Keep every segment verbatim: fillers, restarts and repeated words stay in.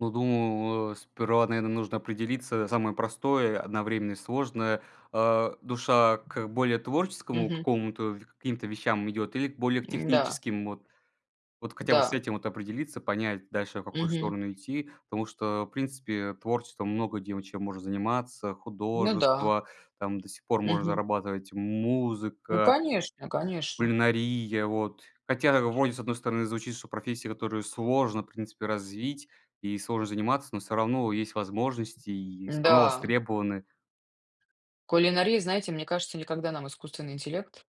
Ну, думаю, э, сперва, наверно, нужно определиться, самое простое, одновременно и сложное, а, душа к более творческому Мгм. какому-то в к каким-то вещам идет или к более к М-да. техническим, вот. Вот хотя бы с Да. этим, вот, определиться, понять дальше, в какую Мгм. сторону идти. Потому что в принципе творчеством много где в чем можно заниматься: Ну да. художество, там, до сих пор можно Мгм. зарабатывать, Ну, музыка конечно, конечно. кулинария, вот. Хотя вроде, с одной стороны звучит, что профессия, которую сложно в принципе развить и сложно заниматься, но всё равно есть возможности и всё равно Да. востребованы. Кулинария, знаете, мне кажется, никогда нам искусственный интеллект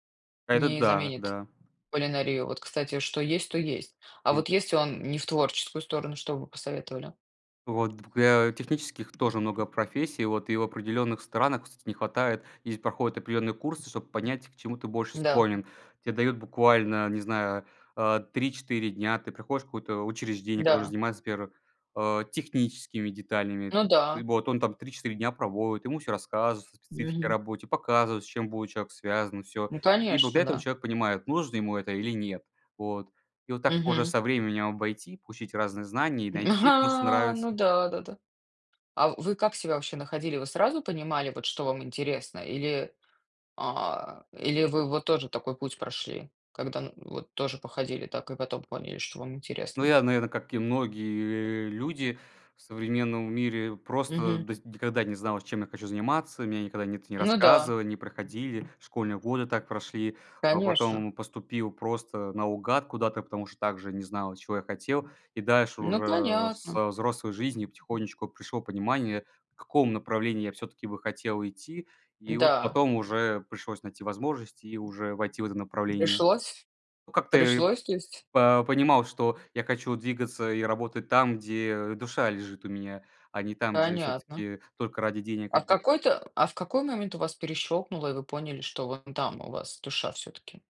Это не да, заменит да. кулинарию, вот, кстати, что есть, то есть. А М. вот если он не в творческую сторону, что б вы посоветовали? Вот. Д для технических тоже много профессий, и, вот, и в определенных странах вс не хватает. Здесь проходят определенные курсы, чтобы понять, к чему ты больше Да. склонен. Те дают буквально, не знаю, а, три четыре дня. Ты приходишь в какое-то учреждение, которое Да. занимается, например, а, техническими деталями. Ну да. Вот, он там три четыре дня проводит, ему всё рассказывается о специфике Мгм. работе, показывает, с чем бует человек связан, всё. Ну, И конечно, благодаря этому да. человек понимает, нужно ему это или нет, вот. И вот так уже Мгм. со временем обойти, получить разные знания и М, найти то, что ха, ну нравится. да, да-да. А в вы как себя вообще находили? Вы сразу понимали, вот что вам интересно или, а, или вы вот тоже такой путь прошли, когда, ну, вот тоже походили так и потом поняли, что вам Ну, интересно? я, наверно, как и многие, э, люди в современном мире, просто, Мгм. то есть никогда не знал, чем я хочу заниматься. Меня никогда ни это не Ну да. рассказывали, не проходили. Школьные годы так прошли. А Конечно. потом поступил просто наугад куда-то, потому что также не знал, чего я хотел. И дальше Ну, уже понятно. со взрослой жизнью потихонечку пришло понимание, в каком направлении я всё-таки бы хотел идти. И вот Да. потом уже пришлось найти возможность и уже войти в это направление. Пришлось? Ну, как-то, э, Пришлось то есть? по понимал, что я хочу двигаться и работать там, где душа лежит у меня, а не там, где Понятно. всё-таки только ради денег А в одних. какой-то а в какой момент у вас перещёлкнуло, и вы поняли, что вон там у вас душа всё-таки?